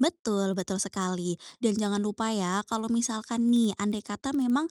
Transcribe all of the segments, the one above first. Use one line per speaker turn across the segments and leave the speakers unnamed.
Betul, betul sekali. Dan jangan lupa ya kalau misalkan nih andaikata memang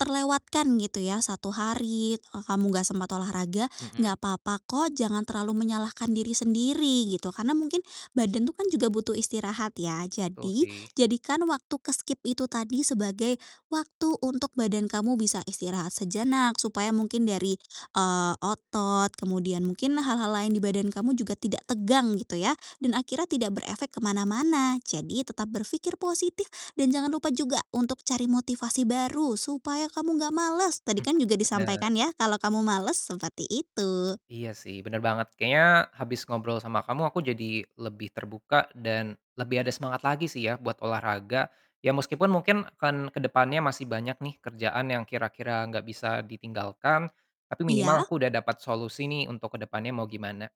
terlewatkan gitu ya 1 hari ka kamu nggak sempat olahraga
Mhm.
nggak papa kok. Jangan terlalu menyalahkan diri sendiri, gitu. Karena mungkin badan tuh kan juga butuh istirahat ya.
Betul
Jadi,
sih.
jadikan waktu ke-skip itu tadi sebagai waktu untuk badan kamu bisa istirahat sejenak. Supaya mungkin dari, eee, otot, kemudian mungkin hal-hal lain di badan kamu juga tidak tegang gitu ya. Dan akhirnya tidak berefek kemana-mana. Jadi, tetap berpikir positif dan jangan lupa juga untuk cari motivasi baru supaya kamu nggak malas. Tadi
Mhm,
kan juga
bener.
disampaikan ya, kalau kamu malas. Seperti itu.
Iya sih, bener banget. Kayaknya habis ngobrol sama kamu aku jadi lebih terbuka dan lebih ada semangat lagi sih ya buat olahraga. Ya meskipun mungkin kan ke depannya masih banyak nih kerjaan yang kira-kira nggak bisa ditinggalkan. Tapi minimal
Iya.
aku udah dapat solusi nih untuk ke depannya mau gimana.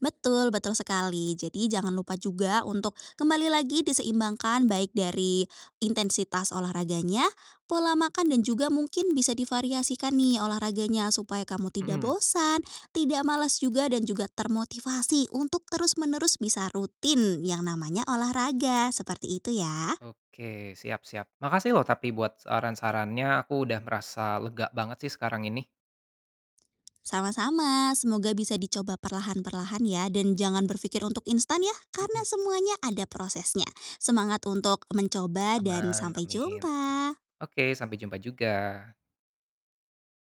Betul, betul sekali. Jadi, jangan lupa juga untuk kembali lagi diseimbangkan baik dari intensitas olahraganya, pola makan, dan juga mungkin bisa divariasikan nih olahraganya supaya kamu tidak
Mhm.
bosan, tidak malas juga dan juga termotivasi untuk terus menerus bisa rutin yang namanya olahraga. Seperti itu ya.
Oke, siap siap. Makasih loh tapi buat saran-sarannya. Aku udah merasa lega banget sih sekarang ini.
Sama-sama. Semoga bisa dicoba perlahan perlahan ya. Jangan berpikir untuk instan ya. Karena
Mhm.
semuanya ada prosesnya. Semangat untuk mencoba dan
Aman,
sampai
amin.
jumpa.
Oke, sampai jumpa juga.